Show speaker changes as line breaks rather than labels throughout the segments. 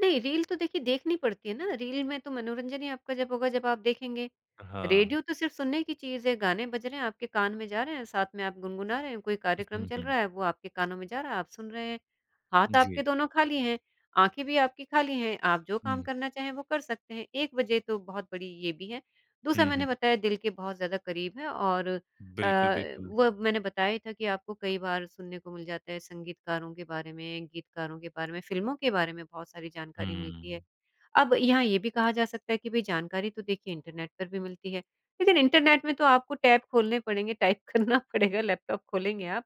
नहीं, रील तो देखिए देखनी पड़ती है ना रील में तो मनोरंजन ही आपका जब होगा जब आप देखेंगे।
अ, हाँ।
रेडियो तो सिर्फ़ सुनने की चीज़ है गाने बज रहे हैं आपके कान में जा रहे हैं साथ में आप गुनगुना रहे हैं, कोई
उ
कार्यक्रम
हुँ,
चल
हुँ।
रहा है वो आपके कानों में जा रहा है, आप सुन रहे हैं। हाथ आपके
जी।
दोनों खाली हैं, आँखें भी आपकी खाली हैं आप जो काम
हुँ।
करना चाहें वो कर सकते हैं, एक वजह तो बहुत बड़ी ये भी है। दूसरा
हुँ, हुँ।
मैंने बताया दिल के बहुत ज़्यादा करीब है और अ,
बिल्कुल, बिल्कुल।
वो मैंने बताया ही था कि आपको कई बार सुनने को मिल जाता है संगीतकारों के बारे में गीतकारों के बारे में, फ़िल्मों के बारे में बहुत सारी
हुँ,
जानकारी मिलती है।
हुँ।
अब यहाँ ये भी कहा जा सकता है कि भई जानकारी तो देखिए इंटरनेट पर भी मिलती है। लेक़िन इंटरनेट में तो आपको टेब खोलने पड़ेंगे टाइप करना पड़ेगा लैपटॉप खोलेंगे आप।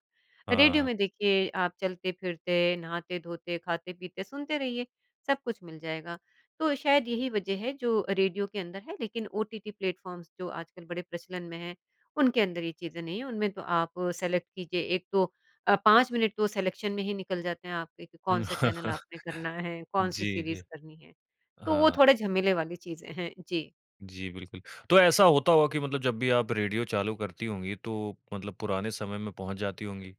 रेडियो
हाँ।
में देखिए आप चलते-फ़िरते, नहाते-धोते, खाते-पीते सुनते रहिए, सब कुछ मिल जाएगा। तो शायद यही वजह है जो रेडियो के अंदर है लेक़िन ओटीटी प्लेटफॉर्म्स जो आजकल बड़े प्रचलन में हैं, उनके अंदर ये चीज़ें नहीं हैं। उनमें तो आप सेलेक्ट कीजिए एक तो अ, 5 मिनट तो सिलेक्शन में ही निकल जाते हैं कि कौन-सा चैनल आपने करना है, कौन-सी
जी,
सीरीज़
जी।
करनी है। तो वो
हाँ।
थोड़े झमेले वाली चीज़ें हैं, जी।
जी बिल्कुल। तो ऐसा होता होगा कि मतलब जब भी आप रेडियो चालू करती होंगी तो मतलब पुराने समय में पहुँच जाती होंगी?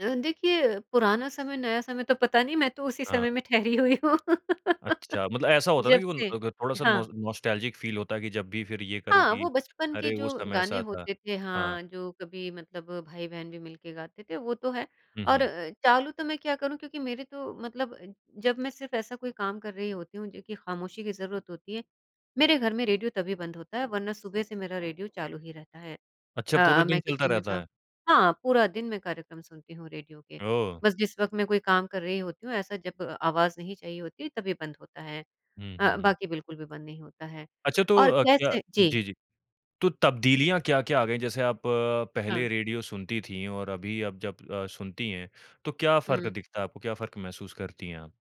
अ, देखिए अ, पुराना समय नया समय तो पता नहीं मैं तो उसी
हाँ।
समय में ठहरी हुई हूँ
अच्छा, मतलब ऐसा होता है
जब
ना उन
से
अग थोड़ा-सा
हाँ।
नॉस नॉस्टेल्जिक फ़ील होता है कि जब भी फ़िर ये करो
हाँ,
कि
वो बचपन के
अरे
जो
उस समय
गाने
ऐसा था।
होते थे
हाँ।
हाँ जो कभी मतलब भाई-बहन भी मिलके गाते थे वो तो है।
हुँ,
और
हुँ।
अ, चालू तो मैं क्या करूँ क्योंकि मेरे तो मतलब जब मैं सिर्फ़ ऐसा कोई काम कर रही होती हूँ जो कि ख़ामोशी की ज़रूरत होती है मेरे घर में रेडियो तभी बंद होता है वरना सुबह से मेरा रेडियो चालू ही रहता है।
अच्छा
अ
पूरे
अ, मैं
दिन चलता
किचन में
रहता
का
है?
हाँ पूरा दिन मैं कार्यक्रम सुनती हूँ रेडियो के।
ओह!
बस जिस वक़्त मैं कोई काम कर रही होती हूँ ऐसा जब अ आवाज़ नहीं चाहिए होती है तभी बंद होता है।
हुँ,
अ,
हुँ, हुँ।
बाकी बिल्कुल भी बंद नहीं होता है।
अच्छा तो
और
अ, क्या
कैसे जी।
जी, जी। तो तब्दीलियाँ क्या-क्या आ गयी? जैसे आप
हाँ।
पहले रेडियो सुनती थीं और अभी आप जब अ, सुनती हैं तो क्या फ़र्क
हुँ।
दिखता है आपको? क्या फ़र्क महसूस करती है आप?